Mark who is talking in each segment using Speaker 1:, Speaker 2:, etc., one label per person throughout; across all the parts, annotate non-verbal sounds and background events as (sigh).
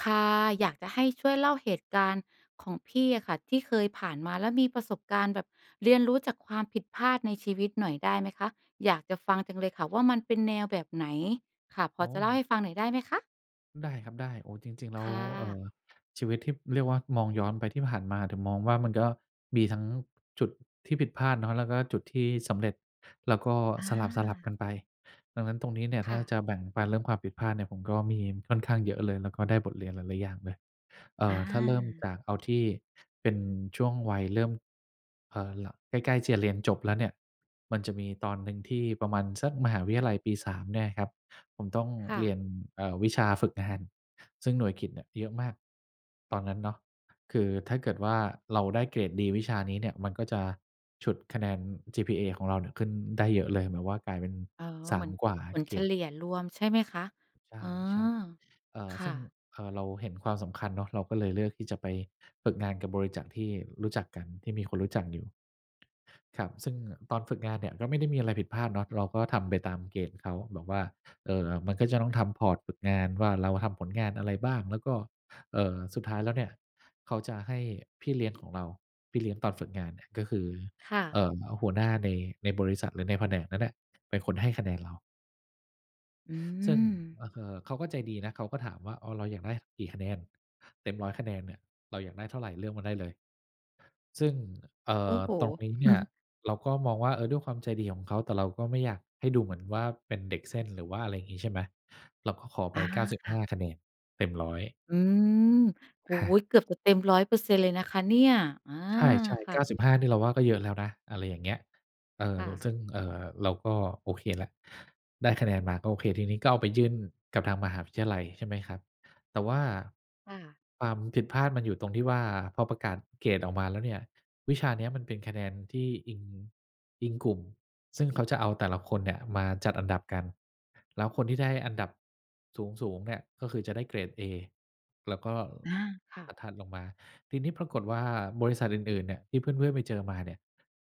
Speaker 1: ค่ะ อยากจะให้ช่วยเล่าเหตุการณ์ของพี่อะค่ะที่เคยผ่านมา แล้วมีประสบการณ์แบบเรียนรู้จากความผิดพลาดในชีวิตหน่อยได้ไหมคะ? อยากจะฟังจังเลยค่ะว่า มันเป็นแนวแบบไหน? ค่ะ พ
Speaker 2: อ๋
Speaker 1: อจะเล่า
Speaker 2: อ
Speaker 1: ให้ฟังหน่อยได้ไหมคะ?
Speaker 2: ได้ครับได้ โอ้โฮ จริง ๆ แล้
Speaker 1: ค
Speaker 2: ว
Speaker 1: ่
Speaker 2: เอ่
Speaker 1: ะ
Speaker 2: อ ชีวิตที่เรียกว่ามองย้อนไปที่ผ่านมา ถึงมองว่ามันก็มีทั้งจุดที่ผิดพลาดเนาะ แล้วก็จุดที่สำเร็จ แล้วก็
Speaker 1: อา
Speaker 2: สลับ ๆ กันไป ดังนั้นตรงนี้เนี่ย ถ
Speaker 1: ค
Speaker 2: ้
Speaker 1: ่
Speaker 2: าจ
Speaker 1: ะ
Speaker 2: ะแบ่งปันเรื่องความผิดพลาดเนี่ย ผมก็มีค่อนข้างเยอะเลย แล้วก็ได้บทเรียนหลาย ๆ อย่างเลย เอ่
Speaker 1: อ
Speaker 2: อ ถ้าเริ่ม
Speaker 1: า
Speaker 2: จากเอาที่เป็นช่วงวัยเริ่ม เอ่อ ล ใกล้ ๆ ที่จะเรียนจบแล้วเนี่ย มันจะมีตอนหนึ่งที่ประมาณสักมหาวิทยาลัยปี 3 เนี่ยอะครับ ผมต้อง
Speaker 1: ค่
Speaker 2: เ
Speaker 1: ะ
Speaker 2: รียน เอ่อ วิชาฝึกงาน ซึ่งหน่วยกิตเนี่ยเยอะมาก ตอนนั้นเนาะ คือถ้าเกิดว่าเราได้เกรดดีวิชานี้เนี่ย มันก็จะฉุดคะแนน GPA ของเราเนี่ยขึ้นได้เยอะเลย หมายความว่ากลายเป็น
Speaker 1: อ๋อ
Speaker 2: ส
Speaker 1: เ
Speaker 2: า
Speaker 1: หมื
Speaker 2: ม
Speaker 1: อน
Speaker 2: กว่าอ
Speaker 1: ผ
Speaker 2: ะ
Speaker 1: ล
Speaker 2: เก
Speaker 1: เฉ
Speaker 2: รด
Speaker 1: ลี่ยรวมใช่ไหมคะ?
Speaker 2: ใ
Speaker 1: อ๋อ
Speaker 2: ช่ ๆ อ่า
Speaker 1: ค
Speaker 2: ซ
Speaker 1: ่
Speaker 2: ึ่ง
Speaker 1: ะ
Speaker 2: อ่า เราเห็นความสำคัญเนาะ เราก็เลยเลือกที่จะไปฝึกงานกับบริษัท ที่รู้จักกัน ที่มีคนรู้จักอยู่ ครับ ซึ่งตอนฝึกงานเนี่ย ก็ไม่ได้มีอะไรผิดพลาดเนาะ เราก็ทำไปตามเกณฑ์เขา บอกว่า เอ่อ มันก็จะต้องทำ พอร์ต ฝึกงานว่า เราทำผลงานอะไรบ้าง แล้วก็ เอ่อ สุดท้ายแล้วเนี่ย เขาจะให้พี่เลี้ยงของเรา พี่เลี้ยงตอนฝึกงานอะ ก็คือ
Speaker 1: ค่
Speaker 2: เอ
Speaker 1: ะ
Speaker 2: ่อ หัวหน้าใน ในบริษัทหรือในแผนกนั้นน่ะ เป็นคนให้คะแนนเรา
Speaker 1: อื
Speaker 2: ซึ่ง
Speaker 1: ม
Speaker 2: เอ่อ เขาก็ใจดีนะ เขาก็ถามว่า "อ้าว เราอยากได้กี่คะแนน เต็ม 100 คะแนนเนี่ย เราอยากได้เท่าไร? เลือกมาได้เลย" ซึ่ง เอ่
Speaker 1: โอ้
Speaker 2: อ
Speaker 1: โฮ
Speaker 2: ตรงนี้เนี่ย
Speaker 1: (chuckles)
Speaker 2: เราก็มองว่า เออ ด้วยความใจดีของเขา แต่เราก็ไม่อยากให้ดูเหมือนว่าเป็นเด็กเส้น หรือว่าอะไรอย่างงี้ ใช่ไหม เราก็ขอไ
Speaker 1: อ
Speaker 2: ป
Speaker 1: า
Speaker 2: เก้าสิบ
Speaker 1: ค
Speaker 2: ห
Speaker 1: ่ะ
Speaker 2: ้า คะแนนเต็ม 100
Speaker 1: อืม โอ
Speaker 2: อ
Speaker 1: ้โฮ
Speaker 2: า
Speaker 1: เกือบจะเต็ม 100% เลยนะคะเนี่ย อา
Speaker 2: ใช่
Speaker 1: ค
Speaker 2: ๆ เ
Speaker 1: ่
Speaker 2: ก้า
Speaker 1: ะ
Speaker 2: สิบห้า นี่เราว่าก็เยอะแล้วนะ อะไรอย่างเงี้ย เออ
Speaker 1: ค่ะ
Speaker 2: ซึ่ง เอ่อ เราก็โอเคแล้ว ได้คะแนนมาก็โอเค ทีนี้ก็เอาไปยื่นกับทางมหาวิทยาลัย ใช่ไหมครับ แต่ว่า
Speaker 1: ค่ะ
Speaker 2: ความผิดพลาดมันอยู่ตรงที่ว่า พอประกาศเกรดออกมาแล้วเนี่ย วิชาเนี้ยมันเป็นคะแนนที่อิง อิงกลุ่ม ซึ่งเขาจะเอาแต่ละคนเนี่ยมาจัดอันดับกัน แล้วคนที่ได้อันดับสูง ๆ เนี่ย ก็คือจะได้เกรดเอ แล้วก็
Speaker 1: อา ค่
Speaker 2: อ
Speaker 1: ะ
Speaker 2: ะถัดลงมา ทีนี้ปรากฏว่าบริษัทอื่น ๆ เนี่ย ที่เพื่อน ๆ ไปเจอมาเนี่ย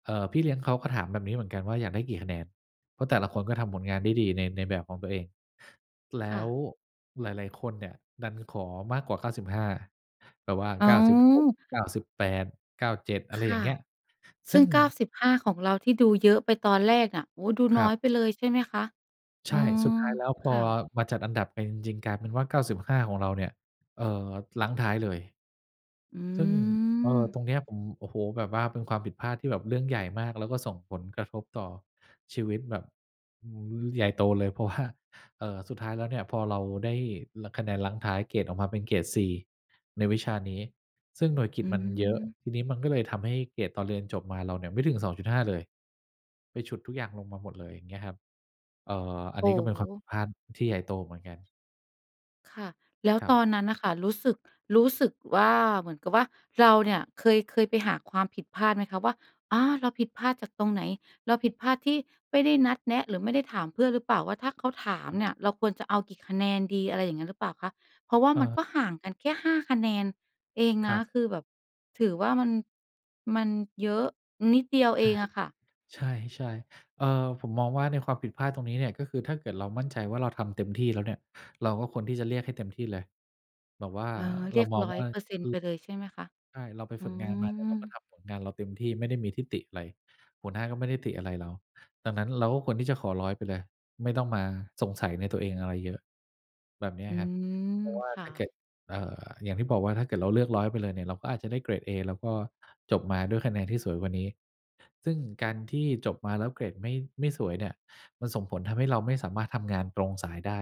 Speaker 2: เอ่อ พี่เลี้ยงเขาก็ถามแบบนี้เหมือนกันว่าอยากได้กี่คะแนน เพราะแต่ละคนก็ทำผลงานได้ดีใน ในแบบของตัวเอง แล
Speaker 1: ค
Speaker 2: ้
Speaker 1: ่
Speaker 2: ว
Speaker 1: ะ
Speaker 2: หลาย ๆ คนเนี่ยดันขอมากกว่า 95 แบบว่า
Speaker 1: อ้า
Speaker 2: 96
Speaker 1: ว
Speaker 2: 98 97 อะไ
Speaker 1: ค
Speaker 2: รอย่
Speaker 1: ่
Speaker 2: า
Speaker 1: ะ
Speaker 2: งเงี้ย
Speaker 1: ซ
Speaker 2: ซ
Speaker 1: ึ
Speaker 2: ึ
Speaker 1: ่
Speaker 2: ่
Speaker 1: ง
Speaker 2: ง
Speaker 1: 95 ของเราที่ดูเยอะไปตอนแรกอะ โอ้โฮ ดู
Speaker 2: ค
Speaker 1: น
Speaker 2: ร
Speaker 1: ้
Speaker 2: ั
Speaker 1: อ
Speaker 2: บ
Speaker 1: ยไปเลยใช่ไหมคะ?
Speaker 2: ใ
Speaker 1: อ
Speaker 2: ช่
Speaker 1: ื
Speaker 2: สุด
Speaker 1: ม
Speaker 2: ท้ายแล้วพ
Speaker 1: ค
Speaker 2: อ
Speaker 1: ่ะ
Speaker 2: มาจัดอันดับกันจริง ๆ กลายเป็นว่า 95 ของเราเนี่ย เอ่อ รั้งท้ายเลย
Speaker 1: อื
Speaker 2: ซึ่ง เอ่อ
Speaker 1: ม
Speaker 2: ตรงนี้ผม โอ้โฮ แบบว่าเป็นความผิดพลาดที่แบบเรื่องใหญ่มาก แล้วก็ส่งผลกระทบต่อชีวิตแบบ อือ ใหญ่โตเลย เพราะว่า เอ่อ สุดท้ายแล้วเนี่ยพอเราได้ ร คะแนนรั้งท้ายเกรดออกมาเป็นเกรดซีในวิชานี้ ซึ่งหน่วยกิ
Speaker 1: อื
Speaker 2: ตมันเยอะ
Speaker 1: ม
Speaker 2: ทีนี้มันก็เลยทำให้เกรดตอนเรียนจบมาเราเนี่ยไม่ถึง 2.5 เลย ไปฉุดทุกอย่างลงมาหมดเลย เงี้ยครับ เอ่อ อั
Speaker 1: โ
Speaker 2: น
Speaker 1: อ้
Speaker 2: นี้ก็เป็น
Speaker 1: โ
Speaker 2: ความผิ
Speaker 1: ฮ
Speaker 2: ดพลาดที่ใหญ่โตเหมือนกัน
Speaker 1: ค่ะ แล้ว
Speaker 2: ครับ
Speaker 1: ตอนนั้นน่ะค่ะ รู้สึก รู้สึกว่า เหมือนกับว่าเราเนี่ยเคย เคยไปหาความผิดพลาดไหมคะว่า อา เราผิดพลาดจากตรงไหน เราผิดพลาดที่ไม่ได้นัดแนะ หรือไม่ได้ถามเพื่อนหรือเปล่า ว่าถ้าเขาถา
Speaker 2: ค
Speaker 1: ม
Speaker 2: รั
Speaker 1: เ
Speaker 2: บ
Speaker 1: นี่ยเราควรจะเอากี่คะแนนดี อะไรอย่างงี้หรือเปล่าคะ เพราะว่ามัน
Speaker 2: เออ
Speaker 1: ก็ห่างกันแค่ 5 คะแนนเอง
Speaker 2: ค
Speaker 1: น
Speaker 2: ร
Speaker 1: ะ
Speaker 2: ับ
Speaker 1: คือแบบ ถือว่ามัน มันเยอะ นิดเดียว
Speaker 2: ใ
Speaker 1: เอ
Speaker 2: ช
Speaker 1: งอะค่ะ
Speaker 2: ่ ใช่ ๆ อ่า ผมมองว่าในความผิดพลาดตรงนี้เนี่ย ก็คือถ้าเกิดเรามั่นใจว่าเราทำเต็มที่แล้วเนี่ย เราก็ควรที่จะเรียกให้เต็มที่เลย แบบว่า
Speaker 1: เออ เ
Speaker 2: เ
Speaker 1: ร
Speaker 2: รา
Speaker 1: ียก
Speaker 2: มอง
Speaker 1: ร้อ
Speaker 2: ว
Speaker 1: ย
Speaker 2: ่า ค
Speaker 1: เ
Speaker 2: ื
Speaker 1: ปอร
Speaker 2: อ
Speaker 1: ์เซ็นต์ ไปเลยใช่ไหมคะ?
Speaker 2: ใช่ เราไป
Speaker 1: อื
Speaker 2: ฝึกงานมาเนี่ย เราก็
Speaker 1: ม
Speaker 2: ทำผลงานเราเต็มที่ ไม่ได้มีที่ติอะไร หัวหน้าก็ไม่ได้ติอะไรเรา ดังนั้นเราก็ควรที่จะขอ 100 ไปเลย ไม่ต้องมาสงสัยในตัวเองอะไรเยอะ แบบเนี้ย
Speaker 1: อื
Speaker 2: ครับ เ
Speaker 1: ม
Speaker 2: พราะว่า
Speaker 1: ค่
Speaker 2: ถ้าเก
Speaker 1: ะ
Speaker 2: ิด อ่า อย่างที่บอกว่าถ้าเกิดเราเลือก 100 ไปเลยเนี่ย เราก็อาจจะได้เกรดเอ แล้วก็จบมาด้วยคะแนนที่สวยกว่านี้ ซึ่งการที่จบมาแล้วเกรดไม่ ไม่สวยเนี่ย มันส่งผลทำให้เราไม่สามารถทำงานตรงสายได้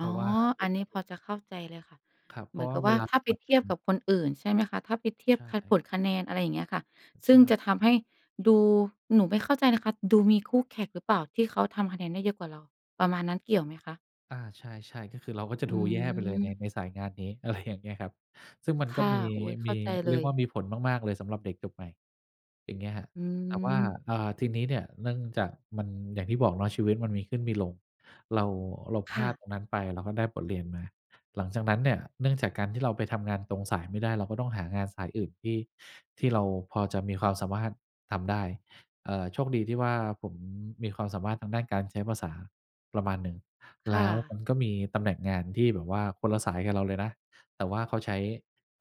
Speaker 2: เพร
Speaker 1: ๋
Speaker 2: า
Speaker 1: อ
Speaker 2: ะว่าเว
Speaker 1: อัน
Speaker 2: ลา
Speaker 1: นี้
Speaker 2: ม
Speaker 1: พ
Speaker 2: ัน
Speaker 1: อจะเข้าใจเลยค่ะ
Speaker 2: ครับ เพ
Speaker 1: เหม
Speaker 2: รา
Speaker 1: ื
Speaker 2: ะ
Speaker 1: อน
Speaker 2: ว่
Speaker 1: ก
Speaker 2: า
Speaker 1: ับ
Speaker 2: เ
Speaker 1: ว
Speaker 2: ว
Speaker 1: ่า
Speaker 2: ลา
Speaker 1: ถ้
Speaker 2: ส
Speaker 1: าไป
Speaker 2: มัคร
Speaker 1: เท
Speaker 2: ง
Speaker 1: ีย
Speaker 2: า
Speaker 1: บ
Speaker 2: น
Speaker 1: กับคนอื่นใช่ไหมคะ ถ้าไปเที
Speaker 2: ใ
Speaker 1: ย
Speaker 2: ช
Speaker 1: บ ค
Speaker 2: ่
Speaker 1: ผลคะแนน อะไรอย่างเงี้ยค่ะ ซ
Speaker 2: ใช
Speaker 1: ึ่งจะท
Speaker 2: ่
Speaker 1: ำให้ดู หนูไม่เข้าใจนะคะ ดูมีคู่แข่งหรือเปล่าที่เขาทำคะแนนได้เยอะกว่าเรา ประมาณนั้น เกี่ยวไหมคะ?
Speaker 2: อา ใช่ ๆ ก็คือเราก็จะ
Speaker 1: อื
Speaker 2: ดูแย่ไปเลยใน
Speaker 1: ม
Speaker 2: ในสายงานนี้ อะไร อย่างเงี้ยครับ ซึ่งมัน
Speaker 1: ค
Speaker 2: ก็
Speaker 1: ่ะ
Speaker 2: มี
Speaker 1: โอ้ เข
Speaker 2: ม
Speaker 1: ้
Speaker 2: ี
Speaker 1: าใจเล
Speaker 2: เรียกว
Speaker 1: ย
Speaker 2: ่ามีผลมาก ๆ เลยสำหรับเด็กจบใหม่ อย่างเงี้ยครับ
Speaker 1: อื
Speaker 2: แต่ว่า
Speaker 1: ม
Speaker 2: อ่า ทีนี้เนี่ย เนื่องจากมัน อย่างที่บอกเนาะ ชีวิตมันมีขึ้นมีลง เรา เราพ
Speaker 1: ค
Speaker 2: ล
Speaker 1: ่
Speaker 2: าด
Speaker 1: ะ
Speaker 2: ตรงนั้นไป เราก็ได้บทเรียนมา หลังจากนั้นเนี่ย เนื่องจากการที่เราไปทำงานตรงสายไม่ได้ เราก็ต้องหางานสายอื่นที่ ที่เราพอจะมีความสามารถทำได้ เอ่อ โชคดีที่ว่าผมมีความสามารถทางด้านการใช้ภาษาประมาณหนึ่ง
Speaker 1: ค
Speaker 2: แล
Speaker 1: ่
Speaker 2: ้วม
Speaker 1: ะ
Speaker 2: ันก็มีตำแหน่งงานที่แบบว่าคนละสายกับเราเลยนะ แต่ว่าเขาใช้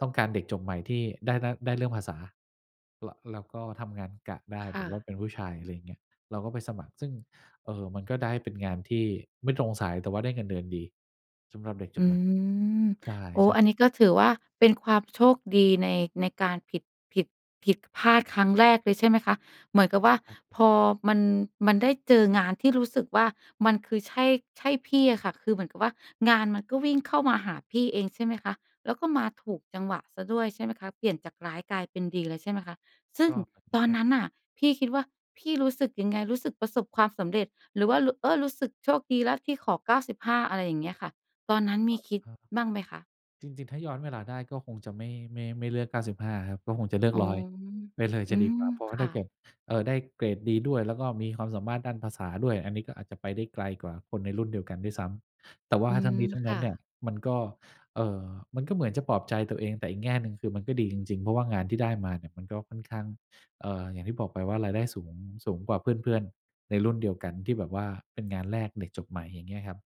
Speaker 2: ต้องการเด็กจบใหม่ที่ได้ ด ได้เรื่องภาษา ล แล้วก็ทำงานกะได้
Speaker 1: ค
Speaker 2: แบ
Speaker 1: ่
Speaker 2: บว่
Speaker 1: ะ
Speaker 2: าเป็นผู้ชาย อะไรอย่างเงี้ย เราก็ไปสมัคร ซึ่ง เอ่อ มันก็ได้เป็นงานที่ไม่ตรงสาย แต่ว่าได้เงินเดือนดีสำหรับเด็กจ
Speaker 1: อื
Speaker 2: บใหม่
Speaker 1: ม
Speaker 2: ใช
Speaker 1: โอ้
Speaker 2: ่ ๆ
Speaker 1: อันนี้ก็ถือว่าเป็นความโชคดีใน ในการผิด ผิด ผิดพลาดครั้งแรกเลย ใช่ไหมคะ เหมือนกับว่า
Speaker 2: ครับ
Speaker 1: พอมัน มันได้เจองานที่รู้สึกว่ามันคือใช่ ใช่พี่อะค่ะ คือเหมือนกับว่างานมันก็วิ่งเข้ามาหาพี่เองใช่ไหมคะ แล้วก็มาถูกจังหวะเสียด้วยใช่ไหมคะ เปลี่ยนจากร้ายกลายเป็นดีเลยใช่ไหมคะ ซึ่
Speaker 2: ก
Speaker 1: ง
Speaker 2: ็ เหมือน
Speaker 1: ตอ
Speaker 2: ก
Speaker 1: น
Speaker 2: ็
Speaker 1: นั้นน่ะพี่คิดว่าพี่รู้สึกยังไง รู้สึกประสบความสำเร็จหรือว่า ร เออ รู้สึกโชคดีแล้วที่ขอ 95 อะไรอย่างเงี้ยค่ะ ตอนนั้นม
Speaker 2: อ
Speaker 1: ี
Speaker 2: ือ
Speaker 1: คิด
Speaker 2: ฮึ
Speaker 1: บ้างไหมคะ?
Speaker 2: จริง ๆ ถ้าย้อนเวลาได้ก็คงจะไม่ ไม่ ไม่เลือก 95 ครับ ก็คงจะเลือ
Speaker 1: อ
Speaker 2: ก
Speaker 1: ๋อ
Speaker 2: 100 ไปเลย
Speaker 1: อ
Speaker 2: จ
Speaker 1: ื
Speaker 2: ะดี
Speaker 1: ม
Speaker 2: กว่า เพราะว
Speaker 1: ค
Speaker 2: ่าถ้
Speaker 1: ่
Speaker 2: าเก
Speaker 1: ะ
Speaker 2: ิด เอ่อ ได้เกรดดีด้วย แล้วก็มีความสามารถด้านภาษาด้วย อันนี้ก็อาจจะไปได้ไกลกว่าคนในรุ่นเดียวกันด้วยซ้ำ แต่ว่า
Speaker 1: อื
Speaker 2: ทั้
Speaker 1: ม
Speaker 2: งนี้ทั้ง
Speaker 1: ค
Speaker 2: นั้
Speaker 1: ่
Speaker 2: นเนี่ย
Speaker 1: ะ
Speaker 2: มันก็ เอ่อ มันก็เหมือนจะปลอบใจตัวเอง แต่อีกแง่หนึ่งคือมันก็ดีจริง ๆ เพราะว่างานที่ได้มาเนี่ยมันก็ค่อนข้าง เอ่อ อย่างที่บอกไปว่ารายได้สูง สูงกว่าเพื่อน ๆ ในรุ่นเดียวกันที่แบบว่าเป็นงานแรกเด็กจบใหม่ อย่างเงี้ยครับ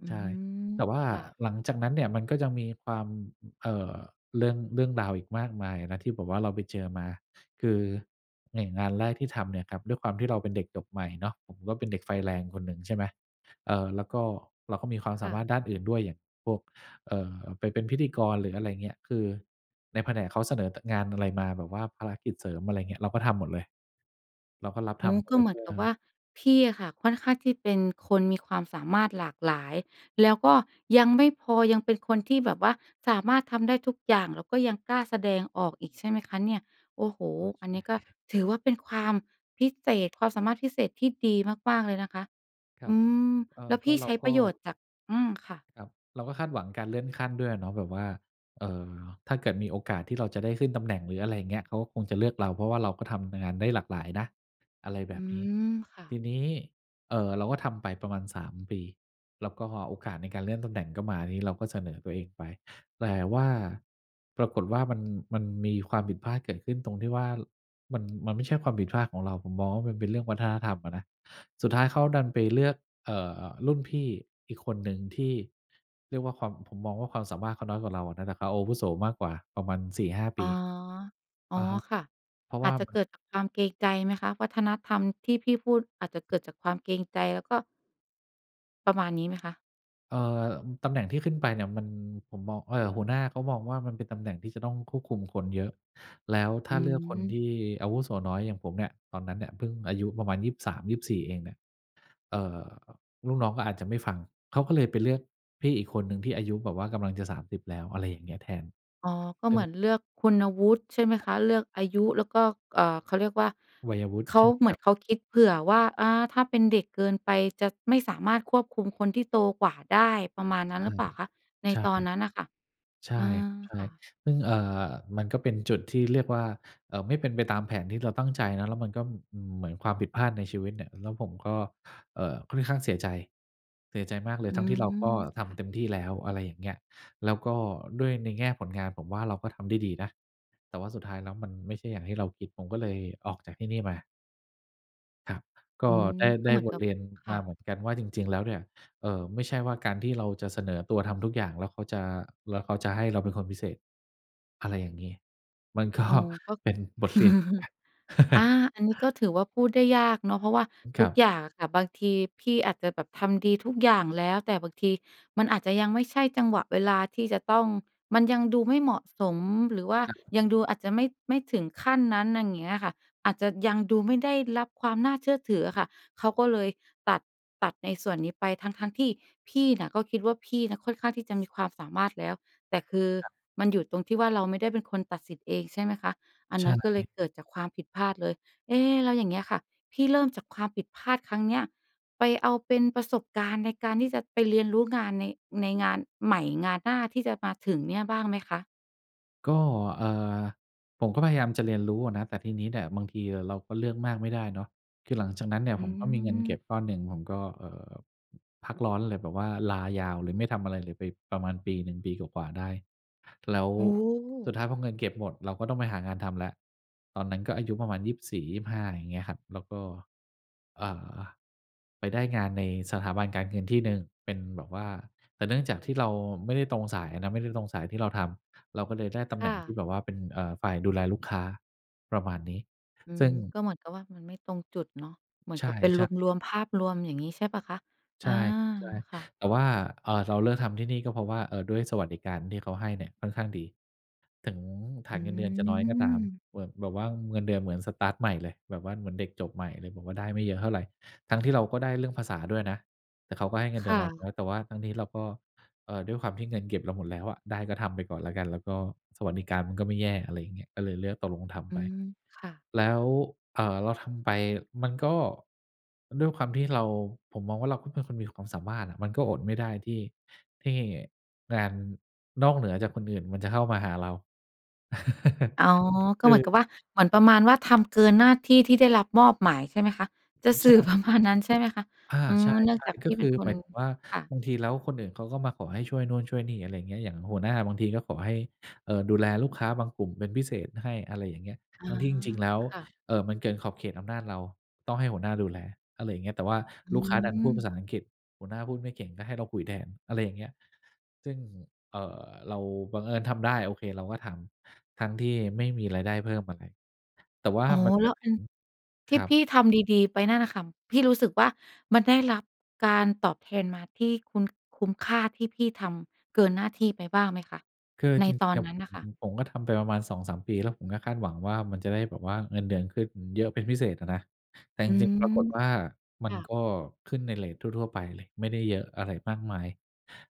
Speaker 1: อื
Speaker 2: ใช่
Speaker 1: ม
Speaker 2: แต่ว่า
Speaker 1: ค่ะ
Speaker 2: หลังจากนั้นเนี่ยมันก็จะมีความ อ เอ่อ เรื่อง เรื่องราวอีกมากมายนะ ที่แบบว่าเราไปเจอมา คืออย่างงานแรกที่ทำเนี่ยครับ ด้วยความที่เราเป็นเด็กจบใหม่เนาะ ผมก็เป็นเด็กไฟแรงคนหนึ่ง ใช่ไหม เอ่อ แล้วก็เราก็มีความ
Speaker 1: ค
Speaker 2: สา
Speaker 1: ่
Speaker 2: ม
Speaker 1: ะ
Speaker 2: ารถด้านอื่นด้วย อย่างพวก เอ่อ ไปเป็นพิธีกร หรืออะไรอย่างเงี้ย คือในแผนกเขาเสนอ ต งานอะไรมา แบบว่าภารกิจเสริม อะไรอย่างเงี้ย เราก็ทำหมดเลย เราก็รับ
Speaker 1: อ
Speaker 2: ท
Speaker 1: ๋อ
Speaker 2: ำหม
Speaker 1: ก
Speaker 2: ด
Speaker 1: ็
Speaker 2: เล
Speaker 1: เ
Speaker 2: ย
Speaker 1: หม
Speaker 2: เ
Speaker 1: ื
Speaker 2: พ
Speaker 1: อ
Speaker 2: ื
Speaker 1: น
Speaker 2: ่
Speaker 1: ก
Speaker 2: อ
Speaker 1: ับว่า พี่อะค่ะค่อนข้างที่เป็นคนมีความสามารถหลากหลาย แล้วก็ยังไม่พอ ยังเป็นคนที่แบบว่าสามารถทำได้ทุกอย่าง แล้วก็ยังกล้าแสดงออกอีกใช่ไหมคะเนี่ย โอ้โฮ
Speaker 2: เออ ใช
Speaker 1: อัน
Speaker 2: ่
Speaker 1: นี้ก็
Speaker 2: (chuckles)
Speaker 1: ถือว่าเป็นความพิเศษ ความสามารถพิเศษที่ดีมาก ๆ เลยนะคะ
Speaker 2: คร
Speaker 1: อ
Speaker 2: ั
Speaker 1: ื
Speaker 2: บ
Speaker 1: ม
Speaker 2: เออ
Speaker 1: แล้ว
Speaker 2: ก
Speaker 1: พ
Speaker 2: ็
Speaker 1: ี่
Speaker 2: เร
Speaker 1: ใ
Speaker 2: า
Speaker 1: ช้
Speaker 2: ก
Speaker 1: ป
Speaker 2: ็
Speaker 1: ระโยชน์จาก อืม ค่ะ
Speaker 2: ครับ เราก็คาดหวังการเลื่อนขั้นด้วยอะเนาะ แบบว่า เอ่อ ถ้าเกิดมีโอกาสที่เราจะได้ขึ้นตำแหน่ง หรืออะไรอย่างเงี้ย เขาก็คงจะเลือกเรา เพราะว่าเราก็ทำงานได้หลากหลายนะ อะไรแบ
Speaker 1: อื
Speaker 2: บนี้
Speaker 1: ม ค่
Speaker 2: ที
Speaker 1: ะ
Speaker 2: นี้ เอ่อ เราก็ทำไปประมาณ 3 ปี แล้วก็โอกาสในการเลื่อนตำแหน่งก็มา ทีนี้เราก็เสนอตัวเองไป แต่ว่า ปรากฏว่ามัน มันมีความผิดพลาดเกิดขึ้นตรงที่ว่า ล มัน มันไม่ใช่ความผิดพลาดของเรา ผมมองว่ามันเป็นเรื่องวัฒนธรรมอะนะ สุดท้ายเขาดันไปเลือก เอ่อ รุ่นพี่อีกคนหนึ่งที่เรียกว่าความ ผมมองว่าความสามารถเขาน้อยกว่าเราอะนะ แต่เขาอาวุโสมากกว่าประมาณ 4-5 ป
Speaker 1: อ๋อ
Speaker 2: ี
Speaker 1: อ๋อ
Speaker 2: อะฮะ
Speaker 1: ค่ะ
Speaker 2: เพราะ
Speaker 1: อ
Speaker 2: ว
Speaker 1: า
Speaker 2: ่า
Speaker 1: จจะ
Speaker 2: มั
Speaker 1: เกิ
Speaker 2: น
Speaker 1: ดจากความเกรงใจไหมคะ? วัฒนธรรมที่พี่พูด อาจจะเกิดจากความเกรงใจ แล้วก็ ประมาณนี้ไหมคะ?
Speaker 2: เออ อ ตำแหน่งที่ขึ้นไปเนี่ยมัน ผมมอง เอ่อ หัวหน้าเขามองว่ามันเป็นตำแหน่งที่จะต้องควบคุมคนเยอะ แล้วถ้
Speaker 1: อื
Speaker 2: าเลือกคน
Speaker 1: ม
Speaker 2: ที่อาวุโสน้อยอย่างผมเนี่ย ตอนนั้นเนี่ยเพิ่งอายุประมาณ 23 24 เองเนี่ย เอ่อ ลูกน้องก็อาจจะไม่ฟัง เขาก็เลยไปเลือกพี่อีกคนหนึ่งที่อายุแบบว่ากำลังจะ 30 แล้ว อะไรอย่างเงี้ย แทน
Speaker 1: อ๋อ ก็
Speaker 2: ซ
Speaker 1: เ
Speaker 2: ึ่
Speaker 1: หม
Speaker 2: ง
Speaker 1: ือนเลือกคุณวุฒิ ใช่ไหมคะ เลือกอายุแล้วก็ อ่า เขาเรียกว่า
Speaker 2: วัยวุฒิ
Speaker 1: เข
Speaker 2: ใช
Speaker 1: า
Speaker 2: ่
Speaker 1: เ
Speaker 2: ค
Speaker 1: หมื
Speaker 2: ร
Speaker 1: อ
Speaker 2: ั
Speaker 1: น
Speaker 2: บ
Speaker 1: เขาคิดเผื่อว่า อา ถ้าเป็นเด็กเกินไปจะไม่สามารถควบคุมคนที่โตกว่าได้ ประมาณนั
Speaker 2: ใ
Speaker 1: ้น
Speaker 2: ช
Speaker 1: หร
Speaker 2: ่
Speaker 1: ือเปล่าคะ? ใน
Speaker 2: ใช่
Speaker 1: ตอนนั้นน่ะค่ะ
Speaker 2: ใช่
Speaker 1: อา
Speaker 2: ครับ ใช่
Speaker 1: ค่ะ
Speaker 2: ซึ่ง อ่า มันก็เป็นจุดที่เรียกว่า อ่า ไม่เป็นไปตามแผนที่เราตั้งใจเนาะ แล้วมันก็ อืม เหมือนความผิดพลาดในชีวิตเนี่ย แล้วผมก็ เอ่อ ค่อนข้างเสียใจ เสียใจมากเลย
Speaker 1: อื
Speaker 2: ทั้งที่เรา
Speaker 1: ม
Speaker 2: ก็ท
Speaker 1: ค่
Speaker 2: ำเ
Speaker 1: ะ
Speaker 2: ต็มที่แล้ว อะไรอย่างเงี้ย แล้วก็ด้วยในแง่ผลงาน ผมว่าเราก็ทำได้ดีนะ แต่ว่าสุดท้ายแล้วมันไม่ใช่อย่างที่เราคิด ผมก็เลยออกจากที่นี่มา ครับ ก
Speaker 1: อื
Speaker 2: ็
Speaker 1: ม
Speaker 2: ได้
Speaker 1: ก
Speaker 2: ไ
Speaker 1: ็
Speaker 2: ด้
Speaker 1: เหมือน
Speaker 2: บ
Speaker 1: ก
Speaker 2: ท
Speaker 1: ับ
Speaker 2: เรียน
Speaker 1: ค
Speaker 2: ม
Speaker 1: ่
Speaker 2: า
Speaker 1: ะ
Speaker 2: เหมือนกันว่า จริง ๆ แล้วเนี่ย เอ่อ ไม่ใช่ว่าการที่เราจะเสนอตัวทำทุกอย่างแล้วเขาจะ แล้วเขาจะให้เราเป็นคนพิเศษ อะไรอย่างงี้ มัน ก็
Speaker 1: อ๋อ ก็
Speaker 2: เป็นบท เรียน เหมือนกั
Speaker 1: (chuckles)
Speaker 2: น
Speaker 1: อา
Speaker 2: (chuckles)
Speaker 1: อันนี้ก็ถือว่าพูดได้ยากเนาะ เพราะว่า
Speaker 2: อ ค
Speaker 1: ท
Speaker 2: ร
Speaker 1: ุ
Speaker 2: ั
Speaker 1: ก
Speaker 2: บ
Speaker 1: อย่างอะค่ะ บางทีพี่อาจจะแบบทำดีทุกอย่างแล้ว แต่บางทีมันอาจจะยังไม่ใช่จังหวะเวลาที่จะต้อง มันยังดูไม่เหมาะสม หรือว่า
Speaker 2: อะฮ
Speaker 1: ยัง
Speaker 2: ะ
Speaker 1: ดูอาจจะไม่ ไม่ถึงขั้นนั้น อย่าง เงี้ยค่ะ อาจจะยังดูไม่ได้รับความน่าเชื่อถืออะค่ะ เขาก็เลยตัด ตัดในส่วนนี้ไป ทั้ง ๆ ที่พี่น่ะก็คิดว่าพี่นะค่อนข้างที่จะมีความสามารถแล้ว แต่คือ
Speaker 2: ครับ
Speaker 1: มันอยู่ตรงที่ว่าเราไม่ได้เป็นคนตัดสิทธิ์เอง ใช่ไหมคะ อัน
Speaker 2: ใช
Speaker 1: นั้นก็เลย
Speaker 2: ่
Speaker 1: เกิดจากความผิดพลาดเลย เอ๊ แล้วอย่างเงี้ยค่ะ พี่เริ่มจากความผิดพลาดครั้งเนี้ย ไปเอาเป็นประสบการณ์ในการที่จะไปเรียนรู้งานใน ในงานใหม่ งานหน้าที่จะมาถึงเนี่ยบ้างไหมคะ?
Speaker 2: ก็ เอ่อ ผมก็พยายามจะเรียนรู้อะนะ แต่ทีนี้เนี่ยบางทีเราก็เลือกมากไม่ได้เนาะ คือหลังจากนั้นเนี่ย
Speaker 1: อื
Speaker 2: ผมก็มีเงินเก็
Speaker 1: ม
Speaker 2: บก้อนหนึ่ง ผมก็ เอ่อ พักร้อนเลย แบบว่าลายาวเลย ไม่ทำอะไรเลยไปประมาณปีหนึ่ง ปีกว่า ๆ ได้ แล้ว
Speaker 1: โอ
Speaker 2: สุด
Speaker 1: ้
Speaker 2: ท้ายพอเงินเก็บหมด เราก็ต้องไปหางานทำแล้ว ตอนนั้นก็อายุประมาณ 24-25 อย่างเงี้ยครับ แล้วก็ เอ่อ ไปได้งานในสถาบันการเงินที่หนึ่ง เป็นแบบว่า แต่เนื่องจากที่เราไม่ได้ตรงสายอะนะ ไม่ตรงสายที่เราทำ เราก็เลยได้ตำ
Speaker 1: ค
Speaker 2: แหน
Speaker 1: ่
Speaker 2: ่งท
Speaker 1: ะ
Speaker 2: ี่แบบว่าเป็น เอ่อ ฝ่ายดูแลลูกค้า ประมาณนี้
Speaker 1: อื
Speaker 2: ซึ
Speaker 1: ม
Speaker 2: ่ง
Speaker 1: ก็เหมือนกับว่ามันไม่ตรงจุดเนาะ เหมือ
Speaker 2: ใ
Speaker 1: น
Speaker 2: ช
Speaker 1: กับเป็นร
Speaker 2: ่ ๆ
Speaker 1: วม ๆ ภาพรวม อย่างงี้ใช่เปล่าคะ?
Speaker 2: ใ
Speaker 1: อ
Speaker 2: ช
Speaker 1: า
Speaker 2: ่
Speaker 1: ค่ะ
Speaker 2: ๆ แต่ว่า เอ่อ เราเลือกทำที่นี่ก็เพราะว่า เอ่อ ด้วยสวัสดิการที่เขาให้เนี่ยค่อนข้างดี ถึงฐ
Speaker 1: อ
Speaker 2: า
Speaker 1: ื
Speaker 2: นเงินเดือนจะน้อยก็ตาม
Speaker 1: ม
Speaker 2: ผ แบบว่าเงินเดือนเหมือนสตาร์ตใหม่เลย แบบว่าเหมือนเด็กจบใหม่เลย แบบว่าได้ไม่เยอะเท่าไร ทั้งที่เราก็ได้เรื่องภาษาด้วยนะ แต่เขาก็ให้เงินเ
Speaker 1: ค
Speaker 2: ดือ
Speaker 1: ่
Speaker 2: นเรา
Speaker 1: ะ
Speaker 2: น้อย แต่ว่าทั้งนี้เราก็ เอ่อ ด้วยความที่เงินเก็บเราหมดแล้วอะ ได้ก็ทำไปก่อนแล้วกัน แล้วก็สวัสดิการมันก็ไม่แย่ อะไรอย่างเงี้ย ก็เลยเลือกตกลงท
Speaker 1: อ
Speaker 2: ำ
Speaker 1: ื
Speaker 2: ไป
Speaker 1: ม ค่ะ
Speaker 2: แล้ว เอ่อ เราทำไป มันก็ด้วยความที่เรา ผมมองว่าเราก็เป็นคนมีความสามารถอะ มันก็อดไม่ได้ที่ ที่งาน นอกเหนือจากคนอื่นมันจะเข้ามาหาเรา (chuckles)
Speaker 1: อ๋อ ก็
Speaker 2: ปร
Speaker 1: เหม
Speaker 2: ื
Speaker 1: ือ
Speaker 2: อ
Speaker 1: นกับว่า เหมือนประมาณว่าทำเกินหน้าที่ที่ได้รับมอบหมาย ใช่ไหมคะ จะ
Speaker 2: อ
Speaker 1: ส
Speaker 2: ใ
Speaker 1: ื
Speaker 2: ช
Speaker 1: ่อประม
Speaker 2: ่
Speaker 1: าณ นั้นใช่ไหมคะ?
Speaker 2: อา
Speaker 1: อื
Speaker 2: ใช
Speaker 1: ม
Speaker 2: ่
Speaker 1: เนื่องจาก
Speaker 2: ๆ ก
Speaker 1: พ
Speaker 2: ็
Speaker 1: ี่
Speaker 2: ค
Speaker 1: เป็
Speaker 2: ื
Speaker 1: น
Speaker 2: อ
Speaker 1: ค
Speaker 2: หม
Speaker 1: น
Speaker 2: ายถึงว่า
Speaker 1: ค่ะ
Speaker 2: บางทีแล้วคนอื่นเขาก็มาขอให้ช่วยนู้นช่วยนี่ อะไรอย่างเงี้ย อย่างหัวหน้าบางทีก็ขอให้ เอ่อ ดูแลลูกค้าบางกลุ่มเป็นพิเศษให้ อะไรอย่างเงี้ย
Speaker 1: อ๋
Speaker 2: ท
Speaker 1: อ
Speaker 2: ั้งที่จริง ๆ แล้ว
Speaker 1: ค่ะ
Speaker 2: เอ่อ มันเกินขอบเขตอำนาจเรา ต้องให้หัวหน้าดูแล อะไรอย่างเงี้ย แต่ว่า
Speaker 1: อื
Speaker 2: ลูกค้าดันพูดภา
Speaker 1: ม
Speaker 2: ษาอังกฤษ หัวหน้าพูดไม่เก่งก็ให้เราคุยแทน อะไรอย่างเงี้ย ซึ่ง เอ่อ เราบังเอิญทำได้ โอเค เราก็ทำทั้งที่ไม่มีรายได้เพิ่มอะไร แต่ว่า
Speaker 1: อ๋อ
Speaker 2: มันม
Speaker 1: แล
Speaker 2: า
Speaker 1: ้ว
Speaker 2: ถึ
Speaker 1: อื
Speaker 2: ง
Speaker 1: ม ท
Speaker 2: ค
Speaker 1: ี่
Speaker 2: รั
Speaker 1: พ
Speaker 2: บ
Speaker 1: ี่ทำดี ๆ ไปนั่นน่ะค่ะ พี่รู้สึกว่ามันได้รับการตอบแทนมาที่คุ้น คุ้มค่าที่พี่ทำเกินหน้าที่ไปบ้างไหมคะ
Speaker 2: คือ
Speaker 1: ใน
Speaker 2: จริง
Speaker 1: ต
Speaker 2: ๆ
Speaker 1: อ
Speaker 2: เ
Speaker 1: น
Speaker 2: นี่ย
Speaker 1: นั
Speaker 2: ผ
Speaker 1: ้น
Speaker 2: ม
Speaker 1: น่ะค่ะ?
Speaker 2: ผมก็ทำไปประมาณ 2-3 ปี แล้วผมก็คาดหวังว่ามันจะได้แบบว่าเงินเดือนขึ้นเยอะเป็นพิเศษอะนะ แต่จ
Speaker 1: อื
Speaker 2: ริง ๆ ปราก
Speaker 1: ม
Speaker 2: ฏว่ามั
Speaker 1: ค
Speaker 2: น
Speaker 1: ่
Speaker 2: ก
Speaker 1: ะ
Speaker 2: ็ขึ้นในเรตทั่ว ๆ ไปเลย ไม่ได้เยอะอะไรมากมาย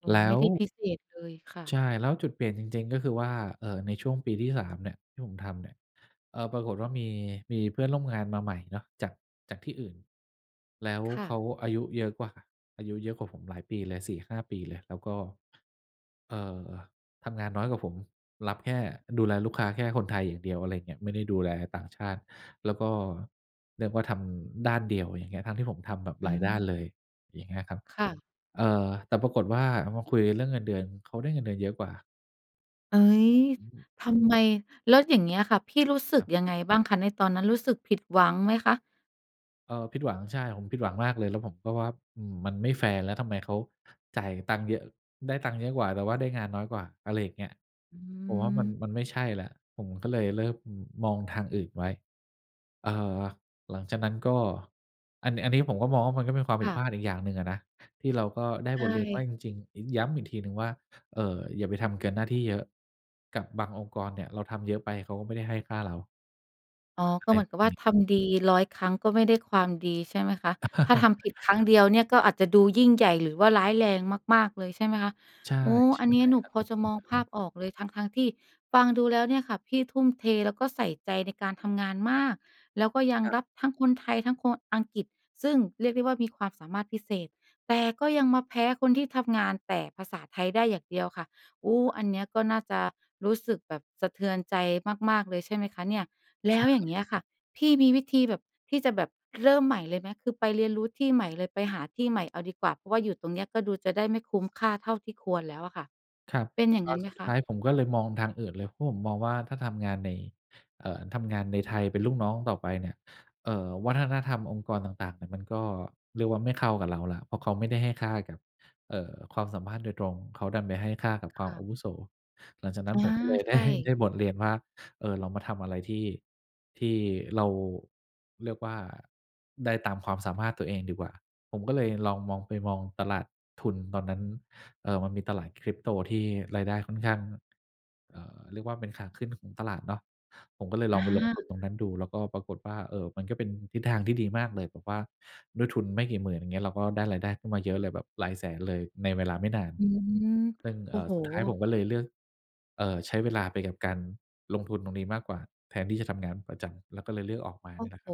Speaker 1: อ๋อ
Speaker 2: แล
Speaker 1: ไ
Speaker 2: ้
Speaker 1: ม่
Speaker 2: ว
Speaker 1: ได้พิเศษเลย ค่
Speaker 2: ใช
Speaker 1: ะ
Speaker 2: ่ แล้วจุดเปลี่ยนจริง ๆ ก็คือว่า เอ่อ ในช่วงปีที่ 3 เนี่ย ที่ผมทำเนี่ย เอ่อ ปรากฏว่ามี มีเพื่อนร่วมงานมาใหม่เนาะ จาก จากที่อื่น แล้ว
Speaker 1: ค่
Speaker 2: เขา
Speaker 1: ะ
Speaker 2: อายุเยอะกว่า อายุเยอะกว่าผมหลายปีเลย 4-5 ปีเลย แล้วก็ เอ่อ ทำงานน้อยกว่าผม รับแค่ ดูแลลูกค้าแค่คนไทยอย่างเดียว อะไรอย่างเงี้ย ไม่ได้ดูแลต่างชาติ แล้วก็เรียกว่าทำด้านเดียว อย่างเงี้ย ทั้งที่ผมทำแบบ
Speaker 1: อ
Speaker 2: ห
Speaker 1: ื
Speaker 2: ลายด้า
Speaker 1: ม
Speaker 2: นเลย อย่างเงี้ยครับ
Speaker 1: ค่ะ
Speaker 2: เอ่อ แต่ปรากฏว่าเอามาคุยเรื่องเงินเดือน เขาได้เงินเดือนเยอะกว่า
Speaker 1: เฮ้ย
Speaker 2: อืม
Speaker 1: ทำไม แล้วอย่างเงี้ยค่ะ พี่รู้สึ
Speaker 2: ค
Speaker 1: ก
Speaker 2: รับ
Speaker 1: ยังไงบ้างคะในตอนนั้น รู้สึกผิดหวังไหมคะ?
Speaker 2: เออ ผิดหวัง ใช่ ผมผิดหวังมากเลย แล้วผมก็ว่า อืม มันไม่แฟร์ แล้วทำไมเขาจ่ายตังค์เยอะ ได้ตังค์เยอะกว่า แต่ว่าได้งานน้อยกว่า อะไรอย่างเงี้ย
Speaker 1: อื
Speaker 2: ผมว่ามัน
Speaker 1: ม
Speaker 2: มันไม่ใช่แล้ว ผมก็เลยเริ่มมองทางอื่นไว้ เอ่อ หลังจากนั้นก็ อันนี้ อันนี้ผมก็มองว่ามันก็เป็นความผ
Speaker 1: ค
Speaker 2: ิด
Speaker 1: ่
Speaker 2: พ
Speaker 1: ะ
Speaker 2: ลาดอีกอย่างหนึ่งอะนะ ที่เราก็ได้
Speaker 1: ใช
Speaker 2: บทเรียนว่า
Speaker 1: ่
Speaker 2: จริง ๆ อ ย้ำอีกทีหนึ่งว่า เอ่อ อย่าไปทำเกินหน้าที่เยอะกับบางองค์กรเนี่ย เราทำเยอะไปเขาก็ไม่ได้ให้ค่าเรา
Speaker 1: อ๋อ
Speaker 2: อ
Speaker 1: ก
Speaker 2: ะไ
Speaker 1: ็
Speaker 2: ร
Speaker 1: เหมื
Speaker 2: แ
Speaker 1: อ
Speaker 2: บ
Speaker 1: นกับว
Speaker 2: บ
Speaker 1: ่า
Speaker 2: นี้
Speaker 1: ทำดี 100 ครั้งก็ไม่ได้ความดี ใช่ไหมคะ ถ้าท
Speaker 2: (chuckles)
Speaker 1: ำผิดครั้งเดียวเนี่ยก็อาจจะดูยิ่งใหญ่หรือว่าร้ายแรงมาก ๆ เลย ใช่ไหมคะ
Speaker 2: ใช่
Speaker 1: โอ้
Speaker 2: ใ
Speaker 1: อันนี้
Speaker 2: ช่
Speaker 1: หนู
Speaker 2: ครับ
Speaker 1: พ
Speaker 2: เ
Speaker 1: อ
Speaker 2: หตุ
Speaker 1: จะ
Speaker 2: ผ
Speaker 1: ม
Speaker 2: ล
Speaker 1: อง
Speaker 2: คือ
Speaker 1: ภ
Speaker 2: งั
Speaker 1: า
Speaker 2: ้
Speaker 1: พ
Speaker 2: น
Speaker 1: ออกเลย ทั้ง ๆ ที่ฟังดูแล้วเนี่ยค่ะ พี่ทุ่มเทแล้วก็ใส่ใจในการทำงานมาก แล้วก็ยัง
Speaker 2: ครับ
Speaker 1: รับทั้งคนไทย ทั้งคนอังกฤษ ซึ่งเรียกได้ว่ามีความสามารถพิเศษ แต่ก็ยังมาแพ้คนที่ทำงานแต่ภาษาไทยได้อย่างเดียวค่ะ โอ้ อันเนี้ยก็น่าจะรู้สึกแบบสะเทือนใจมาก ๆ เลยใช่ไหมคะเนี่ย? แล
Speaker 2: ใช
Speaker 1: ้วอย่างเงี
Speaker 2: ่
Speaker 1: ้ยค่ะ พี่มีวิธีแบบ ที่จะแบบเริ่มใหม่เลยไหม? คือไปเรียนรู้ที่ใหม่เลย ไปหาที่ใหม่เอาดีกว่า เพราะว่าอยู่ตรงนี้ก็ดูจะได้ไม่คุ้มค่าเท่าที่ควรแล้วอะค่ะ
Speaker 2: ครับ
Speaker 1: เป็นอย่า
Speaker 2: แ
Speaker 1: ง
Speaker 2: ล
Speaker 1: ง
Speaker 2: ้
Speaker 1: ั
Speaker 2: ว
Speaker 1: ้นไ
Speaker 2: ส
Speaker 1: หม
Speaker 2: ุด
Speaker 1: ค
Speaker 2: ท
Speaker 1: ะ?
Speaker 2: ้ายผมก็เลยมองทางอื่นเลย เพราะผมมองว่าถ้าทำงานใน เอ่อ ทำงานในไทย เป็นลูกน้องต่อไปเนี่ย เอ่อ วัฒนธรรมองค์กรต่าง ๆ เนี่ย มันก็เรียกว่าไม่เข้ากับเราแล้ว เพราะเขาไม่ได้ให้ค่ากับ เอ่อ ความสามารถโดยตรง เขาดันไปให้ค่ากับ
Speaker 1: ค
Speaker 2: ความ
Speaker 1: ่ะ
Speaker 2: อาวุโส หลังจากนั้
Speaker 1: อ
Speaker 2: น
Speaker 1: า
Speaker 2: ผมก็เลย ไ
Speaker 1: ใ
Speaker 2: ด
Speaker 1: ช
Speaker 2: ้ ได
Speaker 1: ่
Speaker 2: ้บทเรียนว่า เอ่อ เรามาทำอะไรที่ ที่เรา เรียกว่าได้ตามความสามารถตัวเองดีกว่า ผมก็เลยลองมอง ไปมองตลาดทุนตอนนั้น เอ่อ มันมีตลาด Crypto ที่รายได้ค่อนข้าง เอ่อ เรียกว่าเป็นขาขึ้นของตลาดเนาะ ผมก็เลยล
Speaker 1: อ
Speaker 2: องไปลงท
Speaker 1: า
Speaker 2: ุนตรงนั้นดู แล้วก็ปรากฏว่า เอ่อ มันก็เป็นทิศทางที่ดีมากเลย แบบว่าด้วยทุนไม่กี่หมื่น อย่างเงี้ย เราก็ได้รายได้ขึ้นมาเยอะเลย แบบหลายแสนเลย ในเวลาไม่นาน
Speaker 1: อืม
Speaker 2: ซึ่ง
Speaker 1: โอ
Speaker 2: เอ
Speaker 1: ้
Speaker 2: ่อ
Speaker 1: โฮ
Speaker 2: สุดท้ายผมก็เลยเลือก เอ่อ ใช้เวลาไปกับการลงทุนตรงนี้มากกว่าแทนที่จะทำงานประจำ แล้วก็เลยเลือกออกมา
Speaker 1: โอ
Speaker 2: เนี
Speaker 1: ้
Speaker 2: ่ยแหล
Speaker 1: โ
Speaker 2: ะ
Speaker 1: ฮ
Speaker 2: ครับ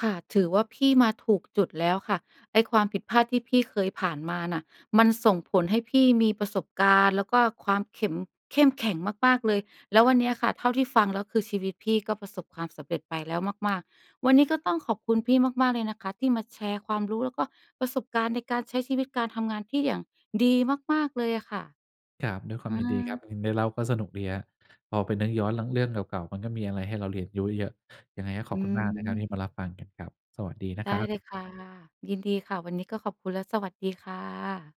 Speaker 1: ค่ะ ถือว่าพี่มาถูกจุดแล้วค่ะ ไอ้ความผิดพลาดที่พี่เคยผ่านมาน่ะ มันส่งผลให้พี่มีประสบการณ์ แล้วก็ความเข็ม เข้มแข็งมาก ๆ เลย แล้ววันเนี้ยค่ะ เท่าที่ฟังแล้ว คือชีวิตพี่ก็ประสบความสำเร็จไปแล้วมาก ๆ วันนี้
Speaker 2: ค
Speaker 1: ก
Speaker 2: ร
Speaker 1: ็
Speaker 2: ับ
Speaker 1: ต้องขอบคุณพี่มาก ๆ เลยนะคะที่มาแชร์ความรู้แล้วก็ประสบการณ์ในการใช้ชีวิตการทำงานที่อย่างดีมาก ๆ เลยอะค่ะ
Speaker 2: ครับ ด้วยควา
Speaker 1: อ
Speaker 2: มยินดีค
Speaker 1: า
Speaker 2: รับ ย ได้เล่าก็สนุกดีครับ พอไปนึกย้อนเรื่อง เรื่องเก่า ๆ มันก็มีอะไรให้เราเรียนรู้ เยอะ ยังไงข
Speaker 1: อ
Speaker 2: อ
Speaker 1: ื
Speaker 2: บคุณมากนะครับที
Speaker 1: ม
Speaker 2: ่มารับฟังกันครับ สวัสดีนะ
Speaker 1: ได
Speaker 2: ค
Speaker 1: ้
Speaker 2: รับ
Speaker 1: เลยค่ะ ยินดีค่ะ วันนี้ก็ขอบคุณและสวัสดีค่ะ